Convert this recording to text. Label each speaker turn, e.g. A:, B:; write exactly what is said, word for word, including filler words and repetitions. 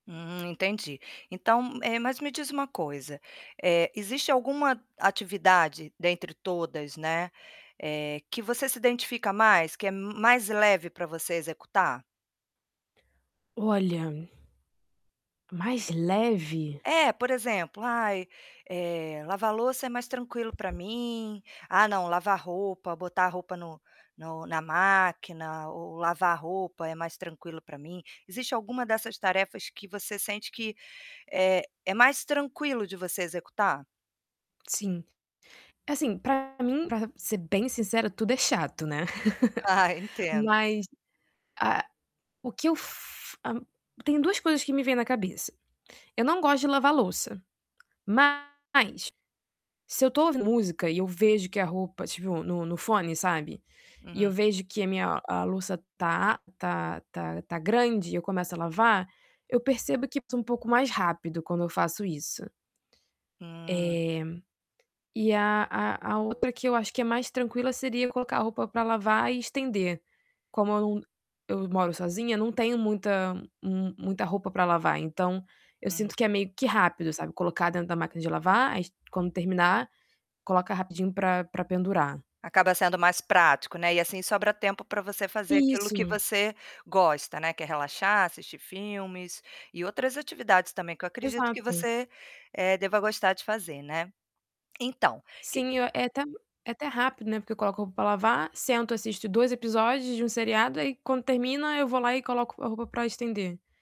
A: Hum, entendi. Então, eh, mas me diz uma coisa, eh, existe alguma atividade dentre todas, né, eh, que você se identifica mais, que é mais leve para você executar?
B: Olha mais leve?
A: É, por exemplo: "Ai, eh, lavar louça é mais tranquilo para mim. Ah, não, lavar roupa, botar a roupa no no na máquina ou lavar roupa é mais tranquilo para mim". Existe alguma dessas tarefas que você sente que, eh, é mais tranquilo de você executar?
B: Sim. Assim, para mim, para ser bem sincera, tudo é chato, né.
A: Ah, entendo.
B: Mas a o que eu f hã, tem duas coisas que me vem na cabeça. Eu não gosto de lavar louça, mas se eu tô ouvindo música e eu vejo que a roupa tipo no no fone, sabe, e eu
A: Uhum.
B: vejo que a minha a louça tá tá tá tá grande e eu começo a lavar, eu percebo que sou um pouco mais rápido quando eu faço isso. Eh,
A: Hum.
B: e a a a outra que eu acho que é mais tranquila seria colocar a roupa para lavar e estender. Como eu num eu moro sozinha, não tenho muita mu muita roupa para lavar, então eu
A: Hum.
B: sinto que é meio que rápido, sabe, colocar dentro da máquina de lavar, quando terminar, coloca rapidinho para para pendurar.
A: Acaba sendo mais prático, né. E assim sobra tempo para você fazer aquilo que
B: Isso.
A: você gosta, né, que é relaxar, assistir filmes e outras atividades também que eu acredito que
B: Exato.
A: você, eh, deva gostar de fazer, né. Então, que
B: Sim, é até é até rápido, né. Porque eu coloco a roupa para lavar, sento, assisto dois episódios de um seriado, aí quando termina eu vou lá e coloco a roupa para estender.